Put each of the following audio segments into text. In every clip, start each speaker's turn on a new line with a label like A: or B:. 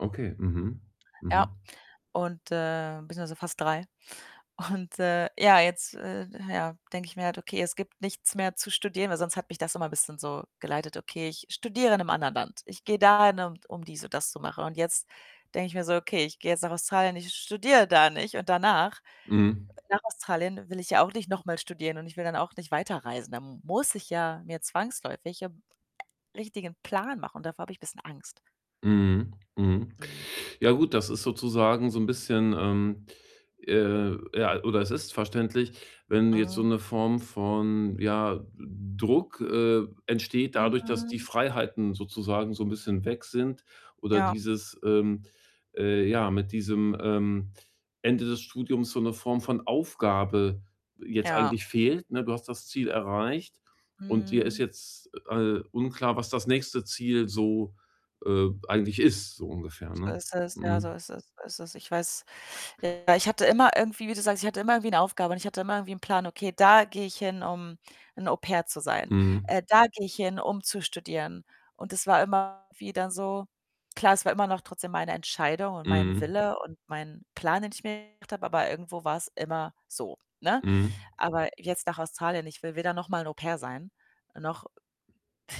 A: Okay, mhm.
B: Ja
A: Mhm.
B: und, äh, beziehungsweise fast 3, und, äh, ja, jetzt, äh ja denke ich mir halt: „Okay, es gibt nichts mehr zu studieren,“ weil sonst hat mich das immer 'n bisschen so geleitet: „Okay, ich studiere in 'nem anderen Land, ich gehe dahin, um, um dies und das zu machen.“ Und jetzt denke ich mir so: „Okay, ich gehe jetzt nach Australien, ich studiere da nicht“ und danach,
A: Mhm.
B: äh, nach Australien will ich ja auch nicht noch mal studieren und ich will dann auch nicht weiterreisen. Da m muss ich ja mir zwangsläufig 'n, äh, richtigen Plan machen und davor habe ich 'n bisschen Angst.
A: Mhm. Mhm.
B: Mhm.
A: Ja gut, das ist sozusagen so 'n bisschen, ähm, äh ja, oder es ist verständlich, wenn jetzt so
B: Mhm.
A: 'ne Form von, ja, D Druck, äh, entsteht dadurch, dass die
B: Mhm.
A: Freiheiten sozusagen so 'n bisschen weg sind oder
B: Ja.
A: dieses, ähm, äh ja, mit diesem, ähm, Ende des Studiums so 'ne Form von Aufgabe jetzt
B: Ja.
A: eigentlich fehlt, ne? Du hast das Ziel erreicht und dir ist
B: Mhm.
A: jetzt, äh, unklar, was das nächste Ziel so, äh, eigentlich ist, so ungefähr,
B: So
A: ne?
B: ist es. Ja,
A: Mhm.
B: so ist es, so ist es. Ich weiß. Ja, ich hatte immer irgendwie wie du sagst, ich hatte immer irgendwie 'ne Aufgabe und ich hatte immer irgendwie 'n Plan: „Okay, da gehe ich hin, um 'n Au-pair zu sein.
A: Mhm.
B: Äh, da gehe ich hin, um zu studieren“ und es war immer wie dann so Klar, es war immer noch trotzdem meine Entscheidung und mein
A: Mhm.
B: Wille und mein Plan, den ich mir gemacht habe, aber irgendwo war's immer so, ne?
A: Mhm.
B: Aber jetzt nach Australien, ich will weder noch mal 'n Au-pair sein, noch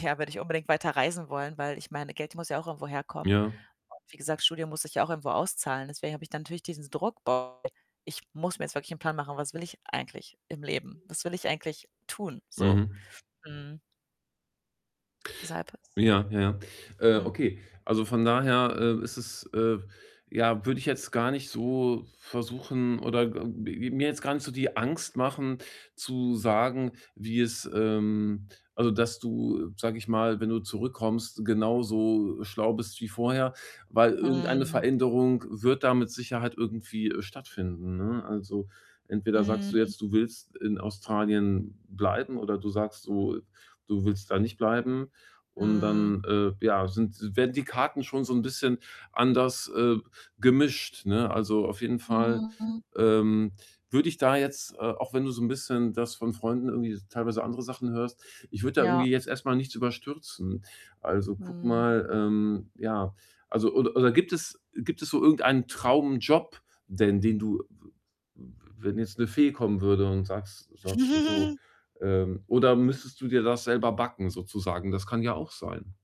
B: ja, würde ich unbedingt weiterreisen wollen? Weil ich meine, Geld muss ja auch irgendwo herkommen
A: Ja.
B: und wie gesagt, Studium muss sich ja auch irgendwo auszahlen. Deswegen habe ich dann natürlich diesen Druck: „Boah, ich muss mir jetzt wirklich 'n Plan machen, was will ich eigentlich im Leben? Was will ich eigentlich tun so?“
A: Mhm.
B: Mhm. Deshalb is
A: Ja, ja. Äh,
B: Mhm.
A: okay. Also, von daher, äh, ist es äh, ja, würde ich jetzt gar nicht so versuchen oder, äh, m mir jetzt gar nicht so die Angst machen zu sagen, wie es ähm, also, dass du, äh, sage ich mal, wenn du zurückkommst, genauso, äh, schlau bist wie vorher, weil irgendeine
B: Mhm.
A: Veränderung wird da mit Sicherheit irgendwie stattfinden, ne? Also, entweder sagst du
B: Mhm.
A: jetzt, du willst in Australien bleiben oder du sagst, du du willst da nicht bleiben und
B: Mhm.
A: dann, äh, ja, sind werden die Karten schon so 'n bisschen anders, äh, gemischt, ne? Also, auf jeden Fall,
B: Mhm.
A: ähm, würde ich da jetzt äh, auch wenn du so 'n bisschen das von Freunden irgendwie teilweise andere Sachen hörst, ich würde da
B: Ja.
A: irgendwie jetzt erst mal nichts überstürzen. Also, gucke
B: Mhm.
A: mal, ähm, ja also oder oder gibt es gibt es so irgendeinen Traumjob denn den du, w w w wenn jetzt 'ne Fee kommen würde und sagst sagst du so ähm, oder müsstest du dir das selber backen sozusagen? Das kann ja auch sein.